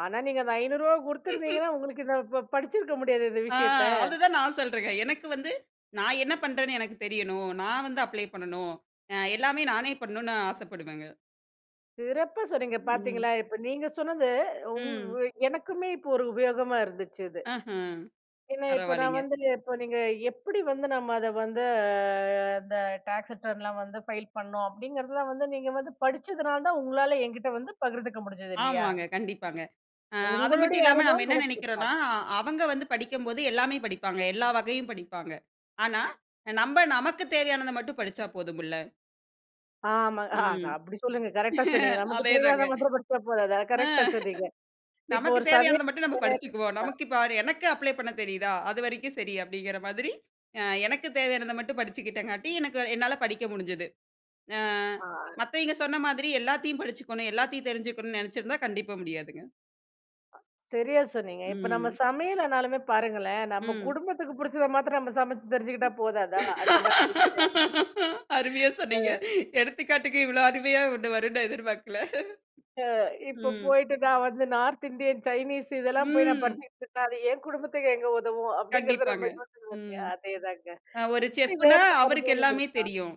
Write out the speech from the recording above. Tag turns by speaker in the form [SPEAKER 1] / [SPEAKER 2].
[SPEAKER 1] ஆனா நீங்க அந்த ரூ. 500 குடுத்துருந்தீங்கன்னா உங்களுக்கு இந்த ப ப படிச்சிருக்க முடியாது இந்த
[SPEAKER 2] ஆ
[SPEAKER 1] விஷயத்த.
[SPEAKER 2] அதுதான் நான் சொல்றங்க. எனக்கு வந்து நான் என்ன பண்றேனு எனக்குத் தெரியனும். நான் வந்து அப்ளை பண்ணணும். அ எல்லாமே நானே பண்ணணும் ஆசைப்படுவேன்ங்க.
[SPEAKER 1] சிறப்பா சொன்னீங்க
[SPEAKER 2] ம்.
[SPEAKER 1] பார்த்தீங்களா. இப்போ நீங்க சொன்னது, ம்.
[SPEAKER 2] ம்.
[SPEAKER 1] எனக்குமே இப்ப ஒரு உபயோகமாக இருந்துச்சி இது.
[SPEAKER 2] ஆஹ.
[SPEAKER 1] ஏன்னா, இப்போ நான்
[SPEAKER 2] பரவால்லிங்க.
[SPEAKER 1] வந்துங்க இப்போ நீங்க எப்படி வந்து நம்ம அதை வந்து இந்த டாக்ஸ் ரிட்டர்ன்லாம் வந்து ஃபைல் பண்ணோம் அப்படிங்கிறதுலாம் வந்து நீங்க வந்து படிச்சதுனால தான் உங்களால என்கிட்ட வந்து பகிர்ந்துக்க முடிஞ்சுது. இல்லையா?
[SPEAKER 2] ஆமாங்க, கண்டிப்பாங்க. அ அது மட்டும்
[SPEAKER 1] உங்களுடைய
[SPEAKER 2] இல்லாம நாம்ப
[SPEAKER 1] அனுபவம்
[SPEAKER 2] என்ன
[SPEAKER 1] எனக்கு இருக்காது.
[SPEAKER 2] நினைக்கிறோம்னா, அவங்க வந்து படிக்கும்போது எல்லாமே படிப்பாங்க. எல்லா வகையும் படிப்பாங்க. ஆனா நம்ப நமக்குத் தேவையானதை மட்டும் படிச்சா போதுமுல்ல.
[SPEAKER 1] ஆமாங்க. அ அது
[SPEAKER 2] ம்.
[SPEAKER 1] அப்டி சொல்லுங்க, கரெக்ட்டா சொன்னிங்க. நமக்கு
[SPEAKER 2] அதேதாங்க.
[SPEAKER 1] தேவையாத
[SPEAKER 2] அ
[SPEAKER 1] மாத்தரம் படிச்சா போதாதா, கரெக்ட்டா சொன்னிங்க. இப்போ
[SPEAKER 2] நமக்குத்
[SPEAKER 1] ஒரு
[SPEAKER 2] தேவையானத
[SPEAKER 1] சமையல்
[SPEAKER 2] மட்டும் நம்ப படிச்சிக்குவோம்.
[SPEAKER 1] [unintelligible]
[SPEAKER 2] நமக்கு இப்போ எனக்கு அப்ள பண்ணத் தெரியுதா? அது வரைக்கும் சரி அப்படிங்கிற மாதிரி, அ எனக்கு தேவையானத மட்டும் படிச்சிகிட்டேன் காட்டி, எனக்கு என்னால படிக்க முடிஞ்சது. ஆ
[SPEAKER 1] ஆ,
[SPEAKER 2] மத்தவய்ங்க சொன்ன மாதிரி எல்லாத்தையும் படிச்சிக்கணும். எல்லாத்தையும் தெரிஞ்சுக்கணும்னு நெனைச்சிருந்தா, கண்டிப்பா முடியாதுங்க.
[SPEAKER 1] சரியா சொன்னிங்க. இப்போ நம்ப
[SPEAKER 2] ம்.
[SPEAKER 1] சமையல்ன்னாலுமே பாருங்களே, நம்ப
[SPEAKER 2] ம்.
[SPEAKER 1] குடும்பத்துக்கு பிடிச்சத மாத்திரம் நம்ப சமைச்சு தெரிஞ்சுக்கிட்டா போதாதா அந்த மாதிரி
[SPEAKER 2] அருமையா
[SPEAKER 1] [unintelligible] அ.
[SPEAKER 2] சொன்னிங்க. எடுத்துக்காட்டுக்கு இவ்வளோ அருமையா ஒண்ணு வரும்னு நான் எதிர்பார்க்கல.
[SPEAKER 1] அ இப்ப
[SPEAKER 2] ம்.
[SPEAKER 1] போயிட்டு நான் வந்து நார்த் இந்தியன், சைனீஸ் இதெல்லா போய் நான்
[SPEAKER 2] ம்.
[SPEAKER 1] படிச்சுகிட்டு இருந்தா அது என் குடும்பத்துக்கு எங்க உதவும் அப்படிங்கிறத
[SPEAKER 2] கண்டிப்பாங்க,
[SPEAKER 1] நம்ம யோசிக்கணும் இல்லயா,
[SPEAKER 2] ம்.
[SPEAKER 1] அதேதாங்க.
[SPEAKER 2] அ ஒரு
[SPEAKER 1] இது மாதிரி வேற
[SPEAKER 2] செஃப்னா
[SPEAKER 1] ஏதாவது
[SPEAKER 2] அவருக்கு
[SPEAKER 1] அனுபவம்
[SPEAKER 2] எல்லாமே
[SPEAKER 1] இருக்கா?
[SPEAKER 2] தெரியும்.